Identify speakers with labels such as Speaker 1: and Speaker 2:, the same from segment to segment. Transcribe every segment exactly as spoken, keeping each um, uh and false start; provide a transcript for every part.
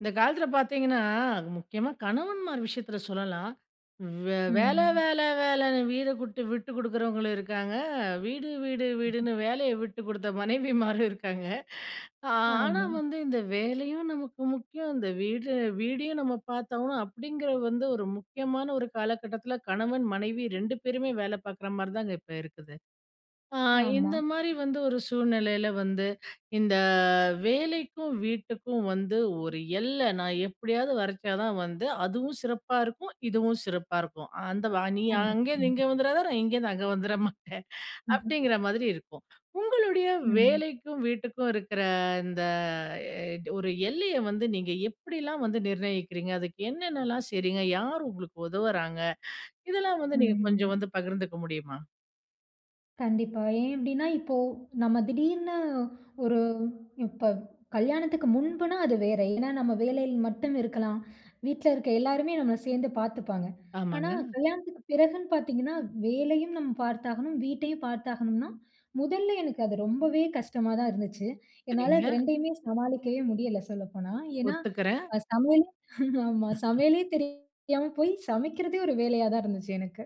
Speaker 1: இந்த காலத்துல பாத்தீங்கன்னா, முக்கியமா கணவன்மார் விஷயத்துல சொல்லலாம். வ்வ வேலை
Speaker 2: ம்.
Speaker 1: வேலை வேலைன்னு வீடு குட்டு விட்டு குடுக்குறவங்களும் இருக்காங்க. வீடு, வீடு, வீடுன்னு வேலைய விட்டு குடுத்த மனைவிமாரும் இருக்காங்க. ஆனா
Speaker 2: ஆமா.
Speaker 1: வந்து இந்த வேலையும் நமக்கு முக்கியம். இந்த வீடு வீடையும் நம்ம பாத்தாகணும். அப்டிங்கற வந்து ஒரு முக்கியமான ஒரு காலகட்டத்துல கணவன், மனைவி ரெண்டு பேருமே வேலை பாக்குற மாரி தாங்க இப்ப இருக்குது. அ இந்த
Speaker 2: ஆமா.
Speaker 1: மாரி வந்து ஒரு சூழ்நிலையில வந்து இந்த வேலைக்கும் வீட்டுக்கும் வந்து ஒரு எல்ல நான் எப்டியாவது வரச்சா தான் வந்து அதுவும் சிறப்பா இருக்கும். இதுவும் சிறப்பா இருக்கும். அந்த வா நீ அங்கருந்து
Speaker 2: [unintelligible]
Speaker 1: இங்க வந்துறாத, நான் இங்கருந்து அங்க வந்துர மாட்டேன், அப்டிங்கற மாதிரி இருக்கும். உங்களுடைய
Speaker 2: ம்.
Speaker 1: வேலைக்கும் வீட்டுக்கும் இருக்குற இந்த து ஒரு எல்லைய வந்து நீங்க எப்டிலாம் வந்து நிர்ணயிக்கிறீங்க? அதுக்கு என்னென்னலாம் செய்றீங்க? யார் உங்களுக்கு உதவுறாங்க? இதெல்லாம் வந்து நீங்க
Speaker 2: ம்.
Speaker 1: கொஞ்சம் வந்து பகிர்ந்துக்க முடியுமா?
Speaker 2: கண்டிப்பா. ஏன் அப்டின்னா, இப்போ நம்ம திடீர்னு ஒரு இப்ப கல்யாணத்துக்கு முன்புனா அது வேற. ஏன்னா நம்ம வேலையில மட்டும் இருக்கலாம். வீட்ல இருக்க எல்லாருமே நம்மள சேந்து பாத்துப்பாங்க. ஆனா
Speaker 1: ஆமாங்க.
Speaker 2: கல்யாணத்துக்கு பிறகுன்னு பாத்தீங்கன்னா, வேலையும் நம்ம பார்த்தாகணும் வீட்டையும் பார்த்தாகணும்னா, முதல்ல எனக்கு அது ரொம்பவே கஷ்டமா தான் இருந்துச்சு. என்னால
Speaker 1: சரிங்க.
Speaker 2: அது ரெண்டையுமே சமாளிக்கவே முடியல சொல்லப்போனா, ஏன்னா
Speaker 1: ஒத்துக்கிறேன்.
Speaker 2: அ சமையல் ஆமா, சமையலே தெரியாம போய் சமைக்கிறதே ஒரு வேலையா தான் இருந்துச்சு எனக்கு.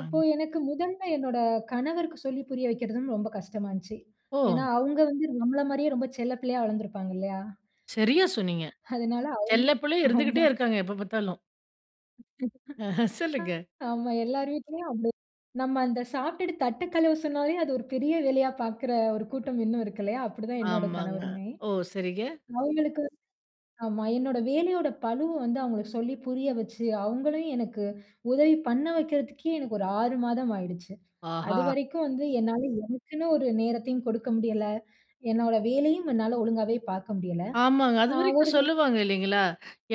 Speaker 2: அப்போ எனக்கு முதன்மை என்னோட கணவருக்கு சொல்லி புரிய வைக்கிறதும் ரொம்ப கஷ்டமா இருந்துச்சு.
Speaker 1: ஓ!
Speaker 2: ஏன்னா அவங்க வந்து நம்மள மாரியே ரொம்ப செல்ல பிள்ளையா வளர்ந்திருப்பாங்க இல்லையா?
Speaker 1: சரியா சொன்னீங்க.
Speaker 2: அதனால
Speaker 1: செல்ல பிள்ளையும்
Speaker 2: அவங்க ஆமா.
Speaker 1: இருந்துகிட்டே இருக்காங்க எப்ப பார்த்தாலும். சொல்லுங்க.
Speaker 2: ஆமா, எல்லார் வீட்லயும் அப்டி நம்ம அந்த சாப்டுட்டு தட்டு கழுவ சொன்னாலே அது ஒரு பெரிய வேலையா பாக்குற ஒரு கூட்டம் இன்னும் இருக்கு இல்லையா? அப்டிதான் என்னோட
Speaker 1: ஆமாங்க.
Speaker 2: கணவருமே.
Speaker 1: ஓ! சரிங்க.
Speaker 2: அவுங்களுக்கு ஆமா என்னோட வேலையோட பழுவ வந்து அவுங்களுக்கு சொல்லி புரிய வச்சு, அவுங்களையும் எனக்கு உதவி பண்ண வைக்கிறதுக்கே எனக்கு ஒரு ஆறு மாதம் ஆயிடுச்சு.
Speaker 1: ஆஹா!
Speaker 2: அதுவரைக்கும் வந்து என்னால எனக்கனு ஒரு நேரத்தையும் கொடுக்க முடியல, என்னோட வேலையும் என்னால ஒழுங்காவே பாக்க முடியல.
Speaker 1: ஆமாங்க,
Speaker 2: அ ஒரு
Speaker 1: அதுவரைக்கும்
Speaker 2: ச
Speaker 1: சொல்லுவாங்க இல்லைங்களா?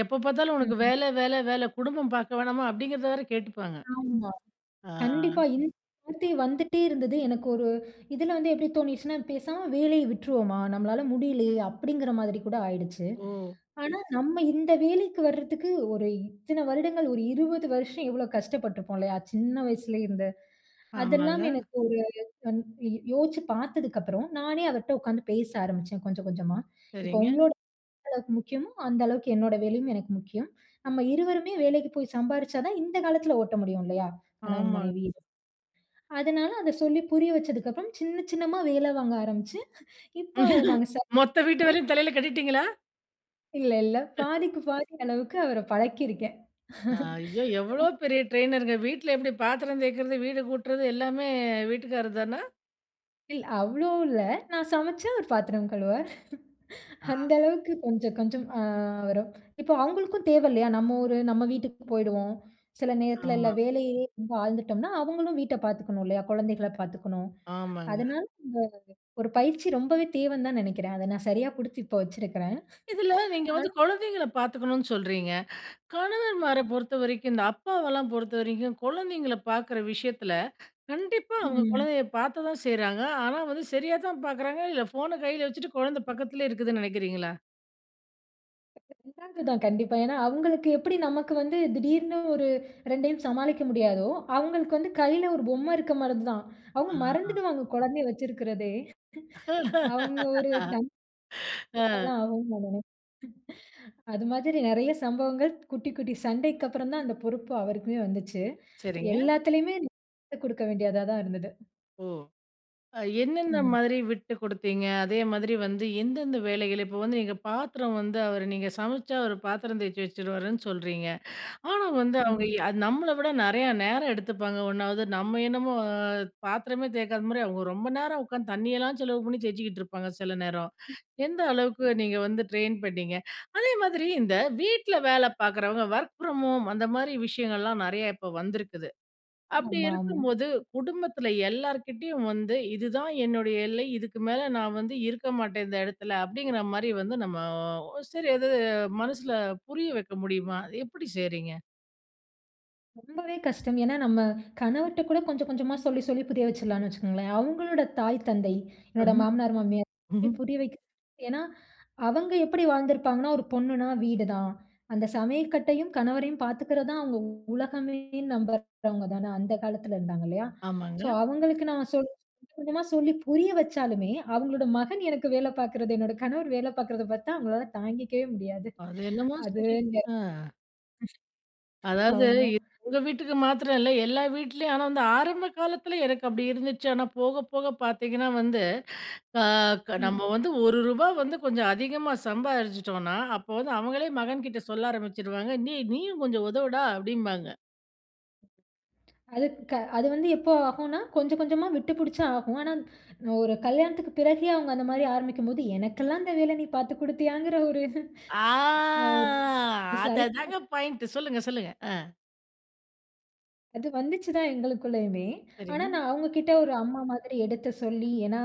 Speaker 1: எப்ப பார்த்தாலும் உனக்கு
Speaker 2: ம்ஹ்ம்.
Speaker 1: வேல வேல வேல குடும்பம் பாக்க வேணாமா? அப்படிங்கறத வேற கேட்டுப்பாங்க.
Speaker 2: ஆமா,
Speaker 1: ஆ.
Speaker 2: கண்டிப்பா இந் வார்த்தை வந்துட்டே இருந்தது. எனக்கு ஒரு இதுனால வந்து எப்படித் தோணிர்ச்சுன்னா "பேசாம வேலைய விட்ருவோமா, நம்மளால முடியலையே" அப்படிங்கற மாதிரி கூட ஆயிடுச்சு.
Speaker 1: ஓ!
Speaker 2: ஆனா நம்ம இந்த வேலைக்கு வர்றதுக்கு ஒரு இத்தன வருடங்கள் ஒரு இருபது வருஷம் எவ்வளவு கஷ்டப்பட்டிருப்போம் இல்லையா? சின்ன வயசுல இருந்து. அதெல்லாம்
Speaker 1: ஆமாங்க.
Speaker 2: எனக்கு ஒரு வந் யோ யோசிச்சுப் பார்த்ததுக்கு அப்புறம் நானே அவர்கிட்ட உட்கார்ந்து பேச ஆரம்பிச்சேன் கொஞ்சம் கொஞ்சமா. "இப்ப
Speaker 1: சரிங்க.
Speaker 2: உங்களோட எவ்வளவுக்கு முக்கியமோ அந்த அளவுக்கு என்னோட வேலையும் எனக்கு முக்கியம். நம்ம இருவருமே வேலைக்கு போய் சம்பாரிச்சாதான் இந்த காலத்துல ஓட்ட முடியும் இல்லையா? கணவன்
Speaker 1: ஆமாங்க.
Speaker 2: மனைவி" அதனால அத சொல்லி புரிய வச்சதுக்கு அப்புறம் சின்ன சின்னமா வேல வாங்க ஆரம்பிச்சு, இப்போ நாங்க
Speaker 1: மொத்த வீட்டு
Speaker 2: [unintelligible]
Speaker 1: வேலையும் தலையில கட்டிட்டீங்களா?
Speaker 2: இல்ல, இல்ல. பாதிக்கு பாதி அளவுக்கு அவர பழக்கிருக்கேன்
Speaker 1: அ ஐயோ! எவ்வளோ
Speaker 2: [unintelligible]
Speaker 1: பெரிய ட்ரெயினருங்க. வீட்ல எப்பிடி பாத்திரம் தேய்க்கிறது, வீடு கூட்றது எல்லாமே வீட்டுக்காரர் தானா?
Speaker 2: இல்ல. அவ்ளோ இல்ல. நான் சமைச்சா அவரு பாத்திரம் கழுவுவாரு.
Speaker 1: ஆ.
Speaker 2: அந்த அளவுக்கு கொஞ்சம், கொஞ்சம் அ வரும். இப்போ அவுங்களுக்கும் தேவ இல்லயா! நம்ம ஊரு, நம்ம வீட்டுக்கு போயிடுவோம். சில நேரத்தில எல்லா
Speaker 1: ஆமா.
Speaker 2: வேலையிலே ஆழ்ந்துட்டம்ன்னா, அவுங்களும் வீட்ட பார்த்துக்கணும் இல்லயா! குழந்தைகள பார்த்துக்கணும்,
Speaker 1: ஆமாங்க.
Speaker 2: அதனால ம்ப ஒரு பயிற்சி ரொம்பவே தேவன்தான் நினைக்கிறேன். அத நான் சரியா புடுத்தி இப்ப வச்சிருக்கிறேன்.
Speaker 1: இதில நீங்க வந்து
Speaker 2: ஆனா
Speaker 1: குழந்தைங்கள பார்த்துக்கணுன் சொல்றீங்க. கணவன்மார பொறுத்தவரைக்கும், இந்த அப்பாவெல்லாம் பொறுத்தவரைக்கும் குழந்தைங்கள பார்க்குற விஷயத்தில கண்டிப்பா அவுங்க
Speaker 2: ம்.
Speaker 1: குழந்தைய பார்த்த தான் செய்றாங்க. ஆனா, வந்து சரியா தான் பார்க்குறாங்க. இல்ல ஃபோன கையில வச்சுட்டு, குழந்த பக்கத்திலே இருக்குதுன்னு நினைக்கிறீங்களா?
Speaker 2: [unintelligible] கண்டிப்பா. ஏன்னா, அவுங்களுக்கு எப்பிடி நமக்கு வந்து திடீர்னு ஒரு இரண்டையும் சமாளிக்க முடியாதோ! அவுங்களுக்கு வந்து கையில ஒரு பொம்ம இருக்கிறதுமாரிதான். அவுங்க
Speaker 1: ஆ.
Speaker 2: மறந்துவிடுவாங்க. குழந்தைய வச்சிருக்கிறதே! அவுங்க ஒரு தம்
Speaker 1: ஆ.
Speaker 2: [unintelligible] அது மாதிரி நிறைய சம்பவங்கள் குட்டி, குட்டி சண்டைக்கு அப்புறந்தான் அந்த பொறுப்பு அவருக்குமே வந்துச்சு.
Speaker 1: சரிங்க.
Speaker 2: எல்லாத்திலயுமே [unintelligible] குடுக்க வேண்டியதா தான் இருந்தது.
Speaker 1: ஓ! அ என்னென்ன
Speaker 2: ம்.
Speaker 1: மாதிரி விட்டு கொடுத்தீங்க? அதே மாதிரி வந்து எந்தெந்த வேலைகள இப்ப வந்து நீங்க பாத்திரம் வந்து அவரு நீங்க சமைச்சா, அவரு பாத்திரம் தேய்ச்சு வச்சுருவாருன்னு சொல்றீங்க. ஆனா, வந்து அவங்க
Speaker 2: ம்.
Speaker 1: எ நம்மள விட நெறையா நேரம் எடுத்துப்பாங்க ஒன்னாவது. நம்ம என்னமோ, அ பாத்திரமே தேய்க்காதமாரி, அவுங்க ரொம்ப நேரம் உட்காந்து, தண்ணியெல்லாம் செலவு பண்ணி தேய்ச்சிக்கிட்டு இருப்பாங்க. சில நேரம்.
Speaker 2: ம்.
Speaker 1: எந்த அளவுக்கு நீங்க வந்து ட்ரெயின் பண்ணீங்க? அதே மாதிரி இந்த வீட்டில வேலை பாக்குறவங்க, ஒர்க் ஃப்ரம் ஹோம் அந்தமாரி விஷயங்கள்லாம் நறையா இப்போ வந்திருக்குது. அப்பிடி
Speaker 2: ஆமா, ஆமா.
Speaker 1: இருக்கும்போது, குடும்பத்தில எல்லார்க்கிட்டயும் வந்து, இதுதான் என்னுடைய எல்லை. இதுக்கு மேல நான் வந்து இருக்க மாட்டேன் இந்த இடத்தில. அப்பிடிங்கிறமாரி வந்து நம்ம ஒ, சரி, அது மனசுல புரிய வைக்க முடியுமா? அது எப்பிடி செய்றீங்க?
Speaker 2: ரொம்பவே கஷ்டம். ஏன்னா, நம்ம கணவர்ட்ட கூட கொஞ்ச, கொஞ்சமா சொல்லி, சொல்லி புரிய வச்சுர்லான்னு வச்சுக்கோங்களேன். அவுங்களோட தாய், தந்தை, என்னோட
Speaker 1: அம்.
Speaker 2: மாமனார்,
Speaker 1: ம்ஹ்ம்.
Speaker 2: மாமியார் புரிய வைக்க ஏன்னா, அவங்க எப்பிடி வாழ்ந்திருப்பாங்கன்னா, ஒரு பொண்ணுனா வீடு தான். அந்த சமையக்கட்டையும் கணவரையும் பார்த்துக்கிறதான் அவுங்க உலகமேன்னு நம்புறவங்க தான அந்த காலத்தில இருந்தாங்க. இல்லயா!
Speaker 1: ஆமாங்க.
Speaker 2: ஸோ, அவுங்களுக்கு நான் சொ கொஞ்ச, கொஞ்சமா சொல்லி புரிய வச்சாலுமே! அவுங்களோட மகன் எனக்கு வேலை பாக்கிறது, என்னோட கணவர் வேலை பாக்குறத பார்த்தா அவுங்களால தாங்கிக்கவே முடியாது.
Speaker 1: அது என்னமோ சரி.
Speaker 2: அதுன்ட
Speaker 1: ஆ. அதாவது
Speaker 2: ஆமா.
Speaker 1: இ உங்க வீட்டுக்கு மாத்திரம் இல்ல. எல்லா வீட்லயும், ஆனா வந்து ஆரம்ப காலத்தில எனக்கு அப்பிடி இருந்துச்சு. ஆனா, போக போக பார்த்தீங்கன்னா வந்து, அ க
Speaker 2: ம்.
Speaker 1: நம்ம வந்து ஒரு ரூபா வந்து கொஞ்சம் அதிகமா சம்பாரிச்சுட்டோன்னா, அப்போ வந்து அவுங்களே மகன்கிட்ட சொல்ல ஆரம்பிச்சுருவாங்க, "நீ! நீயும் கொஞ்சம் உதவுடா" அப்பிடிம்பாங்க.
Speaker 2: அதுக்கு, க அது வந்து எப்போ ஆகுன்னா, கொஞ்சம், கொஞ்சமா விட்டு புடுச்சா ஆகும். ஆனா, ஒரு கல்யாணத்துக்கு பிறகே அவுங்க அந்தமாரி ஆரம்பிக்கும்போது, எனக்கெல்லாம் அந்த வேல நீ பார்த்துக் குடுத்துயாங்கிற ஒரு
Speaker 1: ஆ
Speaker 2: ஓ! சரி மு
Speaker 1: அததாங்க பாயிண்ட் சொல்லுங்க, சொல்லுங்க. ஆ.
Speaker 2: அது வந்துச்சுதான் எங்களுக்குள்ளயுமே! ஆனா,
Speaker 1: சரிங்க.
Speaker 2: நான் அவுங்கக்கிட்ட ஒரு அம்மா மாதிரி எடுத்து சொல்லி ஏன்னா,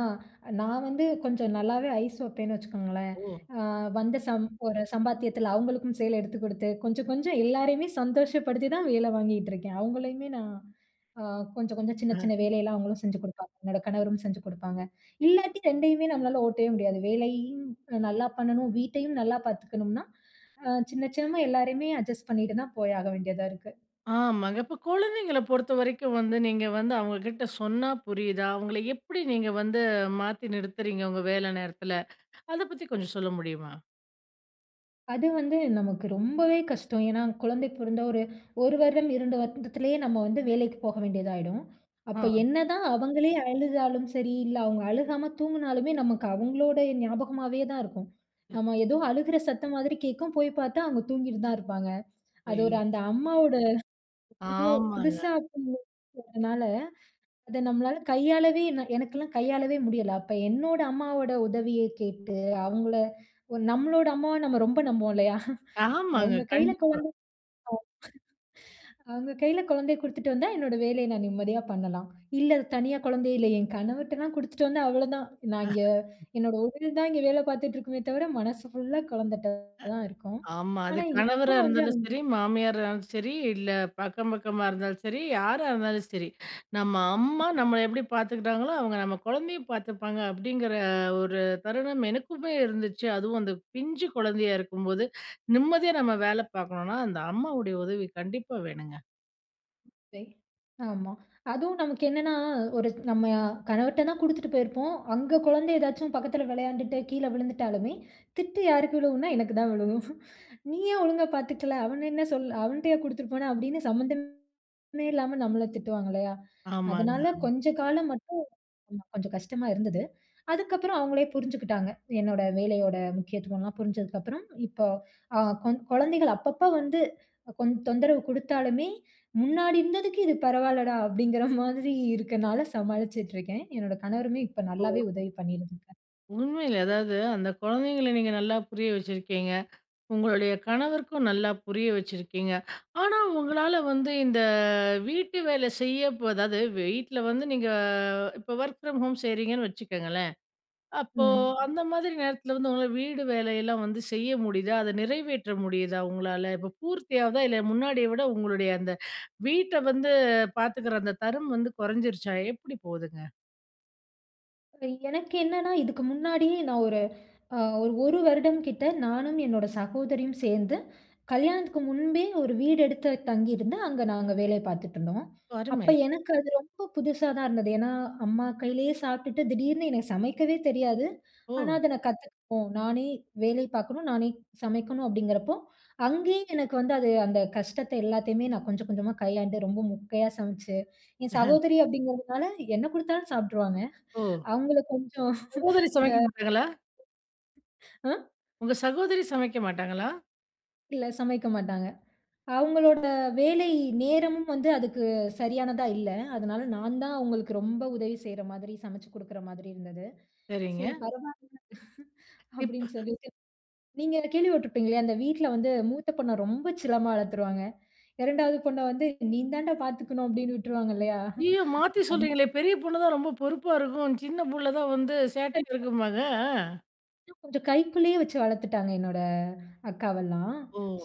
Speaker 2: நான் வந்து கொஞ்சம் நல்லாவே ஐஸ் வைப்பேன்னு வச்சுக்கோங்களேன்.
Speaker 1: ஓ!
Speaker 2: அ வந்த சம் ஒரு சம்பாத்தியத்தில அவுங்களுக்கும் சேல எடுத்து கொடுத்து, கொஞ்சம், கொஞ்சம் எல்லாரையுமே சந்தோஷப்படுத்திதான் வேல வாங்கிகிட்டுருக்கேன். அவுங்களயுமே நான் அ கொஞ்சம், கொஞ்சம் சின்ன,
Speaker 1: ஆ.
Speaker 2: சின்ன வேலையெல்லாம் அவுங்களும் செஞ்சு குடுப்பாங்க. என்னோட கணவரும் செஞ்சு குடுப்பாங்க. இல்லாட்டி ரெண்டையுமே நம்மளால ஓட்டவே முடியாது. வேலையும் அ நல்லா பண்ணணும், வீட்டையும் நல்லா பார்த்துக்கணும்ன்னா, அ சின்ன சின்னமா எல்லாரையுமே அட்ஜஸ்ட் பண்ணிட்டு தான் போய் ஆக வேண்டியதா இருக்கு.
Speaker 1: ஆமாங்க. இப்ப குழந்தைங்கள பொறுத்தவரைக்கும் வந்து நீங்க வந்து அவுங்கக்கிட்ட சொன்னா புரியுதா? அவுங்கள எப்பிடி நீங்க வந்து மாத்தி நிறுத்துறீங்க? உங்க வேல நேரத்தில. அத பத்தி கொஞ்சம் சொல்ல முடியுமா?
Speaker 2: அது வந்து நமக்கு ரொம்பவே கஷ்டம். ஏன்னா, குழந்தை பிறந்த ஒரு, ஒரு வருடம், இரண்டு வருடத்திலே நம்ம வந்து வேலைக்கு போக வேண்டியதா ஆயிடும்.
Speaker 1: ஆ.
Speaker 2: அப்போ என்னதான் அவுங்களே அழுதாலும் சரி, இல்ல அவுங்க அழுகாம தூங்கினாலுமே, நமக்கு அவுங்களோட ஞாபகமாகவே தான் இருக்கும். நம்ம
Speaker 1: [unintelligible]
Speaker 2: ஏதோ அழுகிற சத்தம் மாதிரி கேட்கும், போய் பார்த்தா, அங்க தூங்கிக்கிட்டு தான் இருப்பாங்க. அது ஒரு
Speaker 1: ஐயயோ!
Speaker 2: அந்த அம்மாவோட புது
Speaker 1: ஆமாங்க.
Speaker 2: புதுசா [unintelligible] அதனால அத நம்மால கையாளவே எனக் எனக்குலாம் கையாளவே முடியல. அப்ப என்னோட அம்மாவோட உதவிய கேட்டு அவுங்கள ஒ நம்மளோட அம்மாவ நம்ம ரொம்ப நம்புவோம் இல்லயா!
Speaker 1: ஆமாங்க.
Speaker 2: அவுங்க கையில
Speaker 1: கண்டிப்பா.
Speaker 2: குழந்தை. ஒ அவுங்க கையில குழந்தைய குடுத்துட்டு வந்தா, என்னோட வேலைய நான் நிம்மதியா பண்ணலாம். இல்ல தனியா குழந்தை இல்லயே! என் கணவர்ட்டதான் கொடுத்துட்டு வந்தேன், அவ்ளதான். நான் இங்கே என்னுடைய உடல் தான் இங்கே வேலை பார்த்துட்டு இருக்குமே தவிர, மனசு ஃபுல்லா குழந்தட்ட
Speaker 1: அ
Speaker 2: தான் இருக்கும்.
Speaker 1: ஆமா. அது
Speaker 2: ஆனா இப்போ
Speaker 1: கணவரா
Speaker 2: வந்து
Speaker 1: இருந்தாலும்
Speaker 2: அது
Speaker 1: சரி. மாமியாரா இருந்தாலும் சரி. இல்ல பக்கம், பக்கமா இருந்தாலும் சரி. யாரா இருந்தாலும் சரி. நம்ம அம்மா நம்மள எப்பிடி பார்த்துக்கிட்டாங்களோ! அங்க நம்ம குழந்தைய பார்த்துப்பாங்க, அப்பிடிங்கிற ஒரு தருணம் எனக்குமே இருந்துச்சு. அதுவும் அந்த பிஞ்சு குழந்தையா இருக்கும்போது, நிம்மதியா நம்ம வேல பார்க்கணுனா, அந்த அம்மாவுடைய உதவி கண்டிப்பா வேணுங்க.
Speaker 2: பே ஆமா. அதுவும் நமக்கு என்னன்னா ஒரு நம்ம கணவர்ட்ட தான் குடுத்துட்டு போயிருப்போம். அங்க குழந்தை ஏதாச்சும் பக்கத்துல வெளையான்டுட்டு கீழ விழுந்துட்டாலுமே, திட்டு யாருக்கு விழுகுன்னா எனக்கு தான் விழுகும். நீ ஏன் ஒழுங்கா பார்த்துக்கல? அவன என்ன சொல் அவன்ட்ட ஏன் குடுத்துட்டு போன? அப்பிடின்னு சம்பந்தமே இல்லாம நம்மள திட்டுவாங்க இல்லயா!
Speaker 1: ஆமாங்க,
Speaker 2: அதனால
Speaker 1: ஆம்.
Speaker 2: கொஞ்ச காலம் மட்டும் ஆமா. கொஞ்சம் கஷ்டமா இருந்தது. அதுக்கப்பறம் அவுங்களே புரிஞ்சுக்கிட்டாங்க. என்னோட வேலையோட முக்கியத்துவம்லாம் புரிஞ்சதுக்கப்பறம், இப்ப அ கொ குழந்தைகள அப்பப்ப வந்து கொஞ்சம் தொந்தரவு குடுத்தாலுமே முன்னாடி இருந்ததுக்கு இது பரவால்லடா! அப்பிடிங்கிற மாதிரி இருக்கனால சமாளிச்சிட்டு இருக்கேன். என்னோட கணவருமே இப்ப நல்லாவே
Speaker 1: ஓ!
Speaker 2: உதவி பண்ணிடுதுங்க
Speaker 1: உண்மையிலே, அதாவது அந்த குழந்தைங்கள நீங்க நல்லா புரிய வச்சிருக்கீங்க. உங்களுடைய கணவருக்கும் நல்லா புரிய வச்சிருக்கீங்க. ஆனா, உங்களால வந்து இந்த வீட்டு வேலை செய்யப்ப அதாவது வீட்ல வந்து நீங்க இப்ப ஒர்க் ஃப்ரம் ஹோம் செய்றீங்கன்னு வச்சுக்கங்களேன். அப்போ
Speaker 2: ம்.
Speaker 1: அந்தமாதிரி நேரத்தில வந்து உங்களால வீடு வேலையெல்லாம் வந்து செய்ய முடியுதா? அத நிறைவேற்ற முடியுதா உங்களால? இப்ப பூர்த்தியாவுதா? இல்ல முன்னாடிய விட உங்களுடைய அந்த வீட்ட வந்து பார்த்துக்கிற அந்த தரும் வந்து குறைஞ்சிருச்சா? எப்பிடி போகுதுங்க?
Speaker 2: எனக்கு என்னன்னா, இதுக்கு முன்னாடியே நான் ஒரு அ ஒரு, ஒரு வருடம் கிட்ட நானும் என்னோட சகோதரியும் சேர்ந்து கல்யாணத்துக்கு முன்பே ஒரு வீடு எடுத்து தங்கியிருந்து, அங்க நாங்க வேலை பார்த்துட்டுருந்தோம். அப்ப
Speaker 1: அருமை.
Speaker 2: எனக்கு அது ரொம்ப புதுசா தான் இருந்தது. ஏன்னா, அம்மா கையிலேயே சாப்பிட்டுட்டு திடீர்னு எனக்கு சமைக்கவே தெரியாது. ஆனா,
Speaker 1: ஓ!
Speaker 2: அத நான் கத்துக்கணும், நானே வேலை பார்க்கணும், நானே சமைக்கணும் அப்பிடிங்கிறப்போ அங்கேயும் எனக்கு வந்து அது அந்த கஷ்டத்த எல்லாத்தையுமே நான் கொஞ்சம், கொஞ்சமா கையாண்டு, ரொம்ப மொக்கையா சமைச்சு, என் சகோதரி அப்பிடிங்கிறதுனால என்ன குடுத்தாலும் சாப்பிட்ருவாங்க.
Speaker 1: ஓ!
Speaker 2: அவுங்களுக்கு கொஞ்சம்
Speaker 1: சகோதரி
Speaker 2: இந்த
Speaker 1: சமைக்க மாட்டாங்களா?
Speaker 2: ஆ.
Speaker 1: உங்க சகோதரி சமைக்க மாட்டாங்களா?
Speaker 2: இல்ல. சமைக்க மாட்டாங்க. அவுங்களோட வேலை நேரமும் வந்து அதுக்கு சரியானதா இல்ல. அதனால நான் தான் அவுங்களுக்கு ரொம்ப உதவி செய்ற மாதிரி சமைச்சு குடுக்குற மாதிரி இருந்தது.
Speaker 1: சரிங்க.
Speaker 2: சரி பரவால்ல.
Speaker 1: இப்ப
Speaker 2: அப்பிடின்னு சொல்லிட்டு நீங்க அத கேள்விப்பட்ருப்பீங்க இல்லயா? அந்த வீட்ல வந்து மூத்த பொண்ண ரொம்ப செல்லமா வளத்துருவாங்க. இரண்டாவது பொண்ண வந்து, "நீ தான்டா பார்த்துக்கணும்" அப்பிடின்னு விட்ருவாங்க இல்லயா?
Speaker 1: ஐயய்யோ! மாத்தி
Speaker 2: அந்
Speaker 1: சொல்றீங்களே! பெரிய பொண்ணுதான் ரொம்ப பொறுப்பா இருக்கும். சின்னப்புள்ள தான் வந்து சேட்டை
Speaker 2: [unintelligible]
Speaker 1: இருக்கும்பாங்க. அ.
Speaker 2: இன்னும் கொஞ்சம் கைக்குள்ளேயே வச்சு வளர்த்துட்டாங்க. என்னோட அக்காவெல்லாம்.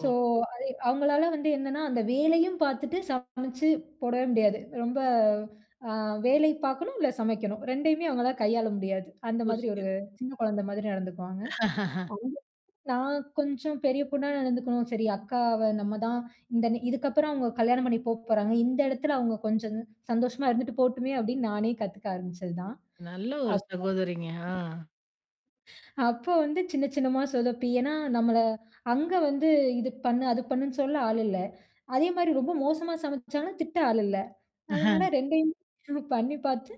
Speaker 2: ஸோ, அது அவுங்களால வந்து என்னன்னா அந்த வேலையும் பார்த்துட்டு சமைச்சு போடவே முடியாது. ரொம்ப அ வேலை பார்க்கணும், இல்ல சமைக்கணும். ரெண்டையுமே அவுங்களால கையாள முடியாது. அந்த மாதிரி ஒரு
Speaker 1: புரிஞ்சிக்கிது.
Speaker 2: சின்ன குழந்தை மாதிரி நடந்துக்குவாங்க. அவுங்க நான் கொஞ்சம் பெரிய பொண்ணா நடந்துக்கணும். சரி, அக்காவ நம்ம தான் இந்த நி இதுக்கப்பறம் அவுங்க கல்யாணம் பண்ணி போ போறாங்க. இந்த இடத்தில அவுங்க கொஞ்சம் சந்தோஷமா இருந்துட்டு போட்டுமே! அப்பிடின்னு நானே கத்துக்க ஆரம்பிச்சது தான்.
Speaker 1: நல்ல ஒரு
Speaker 2: அப்ப
Speaker 1: சகோதரிங்க. அ.
Speaker 2: அப்போ வந்து சின்ன சின்னமா சொதப்பி, ஏன்னா நம்மள அங்க வந்து இது பண்ணு. அது பண்ணுன்னு சொல்ல ஆள் இல்ல. அதேமாரி ரொம்ப மோசமா சமைச்சாலும் திட்ட ஆள் இல்லை. அதனால ரெண்டையும் பண்ணி பார்த்து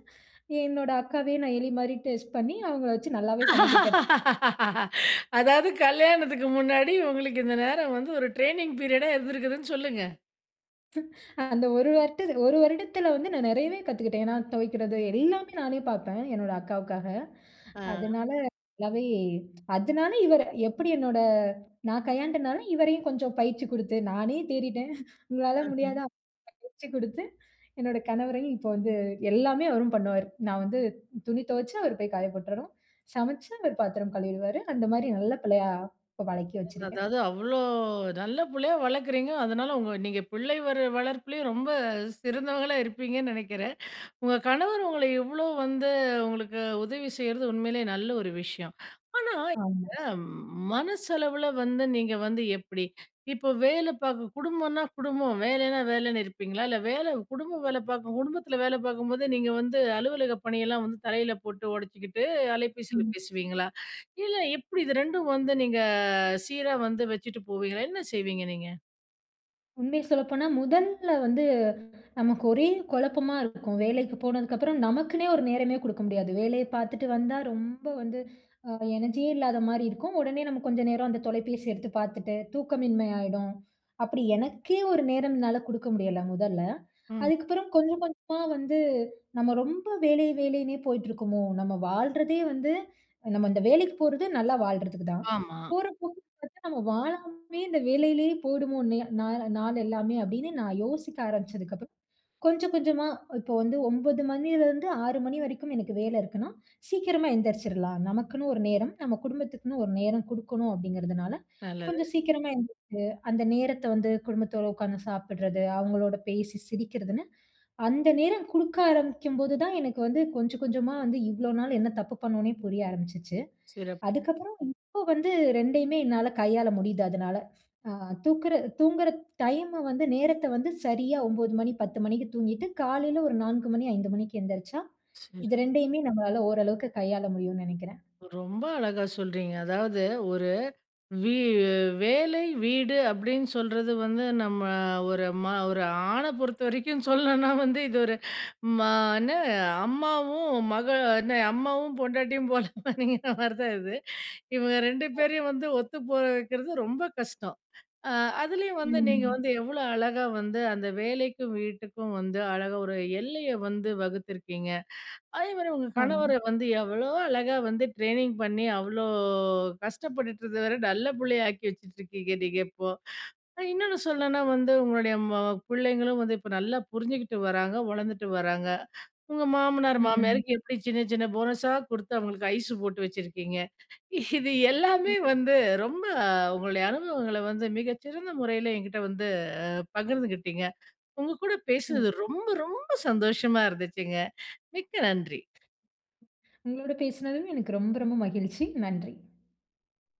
Speaker 2: என்னோட அக்காவே நான் எலிமாரி டெஸ்ட் பண்ணி அவுங்கள வச்சு நல்லாவே சமைக்க கத்து
Speaker 1: அதாவது கல்யாணத்துக்கு முன்னாடி உங்களுக்கு இந்த நேரம் வந்து ஒரு ட்ரைனிங் பீரியடா இருந்திருக்குதுன்னு சொல்லுங்க.
Speaker 2: அந்த ஒரு வருட்ட அது ஒரு வருடத்தில வந்து நான் நெறையவே கத்துக்கிட்டேன். ஏன்னா, துவைக்கிறது எல்லாமே நானே பார்ப்பேன். என்னோட அக்காவுக்காக.
Speaker 1: அ.
Speaker 2: அதனால நல்லாவே அதனால இவர எப்படி என்னோட நான் கையாண்டனால இவரையும் கொஞ்சம் பயிற்சி குடுத்து நானே தேறிட்டேன் உங்களால
Speaker 1: அஹ.
Speaker 2: முடியாதா? பயிற்சி குடுத்து என்னோட கணவரையும் இப்போ வந்து எல்லாமே அவரும் பண்ணுவாரு. நான் வந்து துணி துவைச்சா அவரு போய் காய போட்டுறணும். சமைச்சா அவரு பாத்திரம் கழுவிடுவாரு. அந்தமாரி நல்ல பிள்ளையா இப்ப பழக்கி
Speaker 1: அது
Speaker 2: வச்சுருக்கேன்.
Speaker 1: அதாவது அவ்ளோ நல்ல புள்ளையா வளர்க்கறீங்க. அதனால உங்க நீங்க பிள்ளை வர வளர்ப்புலயும் ரொம்ப சிறந்தவங்களா இருப்பீங்கன்னு நினைக்கிறேன். உங்க கணவர் உங்கள இவ்ளோ வந்து உங்களுக்கு உதவி செய்றது உண்மையிலே நல்ல ஒரு விஷயம். ஆனா, இந்த
Speaker 2: ஆமா.
Speaker 1: மனசளவுல வந்து நீங்க வந்து எப்பிடி? இப்ப வேல பார்க்க குடும்பம்ன்னா குடும்பம். வேலைன்னா வேலைன்னு இருப்பீங்களா? இல்ல வேலை குடும்பம் வேலை பார்க்கும் குடும்பத்தில வேலை பார்க்கும்போது நீங்க வந்து அலுவலக பணியெல்லாம் வந்து தலையில போட்டு உடைச்சிக்கிட்டு அலைபேசியில
Speaker 2: ம்.
Speaker 1: பேசுவீங்களா? இல்ல எப்பிடி? இது ரெண்டும் வந்து நீங்க சீரா வந்து வச்சுட்டு போவீங்களா? என்ன செய்வீங்க நீங்க?
Speaker 2: உண்மைய சொல்லப்போனா முதல்ல வந்து, நமக்கு ஒரே குழப்பமா இருக்கும். வேலைக்கு போனதுக்கப்புறம் நமக்குன்னே ஒரு நேரமே குடுக்க முடியாது. வேலையை பார்த்துட்டு வந்தா ரொம்ப வந்து அ எனர்ஜியே இல்லாத மாரி இருக்கும், உடனே நம்ம கொஞ்ச நேரம், அந்த தொலைபேசி எடுத்து பார்த்துட்டு, தூக்கமின்மை ஆயிடும். அப்டி எனக்கே ஒரு நேரம் என்னால குடுக்க முடியல முதல்ல.
Speaker 1: ம்.
Speaker 2: அதுக்கப்புறம் கொஞ்சம் கொஞ்சமா வந்து நம்ம ரொம்ப, வேலை வேலையினே போயிட்டு இருக்கோமோ? நம்ம வாழ்றதே வந்து நம்ம இந்த வேலைக்கு போறது நல்லா வாழ்றதுக்குதான்.
Speaker 1: ஆமா.
Speaker 2: போற போக்க பார்த்தா நம்ம வாழாமயே இந்த வேலையிலேயே போயிடுமோன்னு நா நாளெல்லாமே அப்டின்னு நா யோசிக்க ஆரம்பிச்சதுக்கப்புறம் கொஞ்சம் கொஞ்சமா இப்போ வந்து ஒன்பது மணில இருந்து, ஆறு மணி வரைக்கும் எனக்கு வேல இருக்குன்னா, சீக்கிரமா எந்திரிச்சிரலாம். நமக்குனு ஒரு நேரம், நம்ம குடும்பத்துக்குனு ஒரு நேரம் குடுக்கணும், அப்டிங்கறதுனால
Speaker 1: நல்லது.
Speaker 2: கொஞ்சம் சீக்கிரமா எந்திரிச்சு அந்த நேரத்த வந்து குடும்பத்தோட உட்காந்து சாப்ட்றது, அவங்களோட பேசி சிரிக்கிறதுன்னு, அந்த நேரம் குடுக்க ஆரம்பிக்கும்போதுதான் எனக்கு வந்து கொஞ்சம் கொஞ்சமா வந்து இவ்ளோ நாள் என்ன தப்பு பண்ணோம்னே புரிய ஆரம்பிச்சுச்சு.
Speaker 1: சிறப்பு.
Speaker 2: அதுக்கப்புறம் இப்போ வந்து ரெண்டையுமே என்னால கையாள முடியுது அதனால. அ தூக்ற தூங்குற டைம் அ வந்து நேரத்த வந்து சரியா ஒன்பது மணி, பத்து மணிக்குத் தூங்கிட்டு காலைல ஒரு நான்கு மணி, ஐந்து மணிக்கு எந்திரிச்சா
Speaker 1: சிறப்
Speaker 2: இது ரெண்டையுமே நம்மளால ஓரளவுக்கு கையாள முடியும்னு நினைக்குறன்.
Speaker 1: ரொம்ப அழகா சொல்றீங்க. அதாவது ஒரு வி வேலை வீடு அப்டின்னு சொல்றது வந்து நம்ம ஒரு மா ஒரு ஆண பொறுத்தவரைக்கும் சொல்லணும்னா வந்து இது ஒரு ம னா அம்மாவும் மக என்ன அம்மாவு பொண்டாட்டியும் போலன்னு அப்டின்ற மாரிதான் இது. இவங்க ரெண்டு பேரையும் வந்து ஒத்துப்போக வைக்கிறது ரொம்ப கஷ்டம். அ அதுலயும் வந்து நீங்க
Speaker 2: ம்.
Speaker 1: வந்து எவ்ளோ அழகா வந்து அந்த வேலைக்கும் வீட்டுக்கும் வந்து அழகா ஒரு எல்லைய வந்து வகுத்திருக்கீங்க. அதே மாரி உங்க
Speaker 2: அம்.
Speaker 1: கணவர வந்து எவ்ளோ அழகா வந்து ட்ரைனிங் பண்ணி அவ்ளோ கஷ்டப்பட்டுட்டு இருந்தவர நல்ல புள்ளையாக்கி வச்சுட்டுருக்கீங்க நீங்க இப்போ. இன்னொன்னு சொல்லணும்னா வந்து, உங்களுடைய ம புள்ளைங்களும் இப்ப நல்லா புரிஞ்சுகிட்டு வராங்க, வளர்ந்துட்டு வராங்க. உங்க மாமனார்
Speaker 2: ம்ஹ்ம்.
Speaker 1: மாமியாருக்கு எப்படி சின்ன சின்ன போனஸா குடுத்து அவங்களுக்கு ஐஸ்ஸு போட்டு வச்சிருக்கீங்க. இது எல்லாமே வந்து ரொம்ப உங்களுடைய அனுபவங்கள வந்து மிகச் சிறந்த முறையில என்கிட்ட வந்து அ பகிர்ந்துகிட்டீங்க. உங்ககூட
Speaker 2: ம்.
Speaker 1: பேசுனது ரொம்ப ரொம்ப சந்தோஷமா இருந்துச்சுங்க. மிக்க நன்றி!
Speaker 2: உங்களோட பேசினதும், எனக்கு ரொம்ப ரொம்ப மகிழ்ச்சி. நன்றி.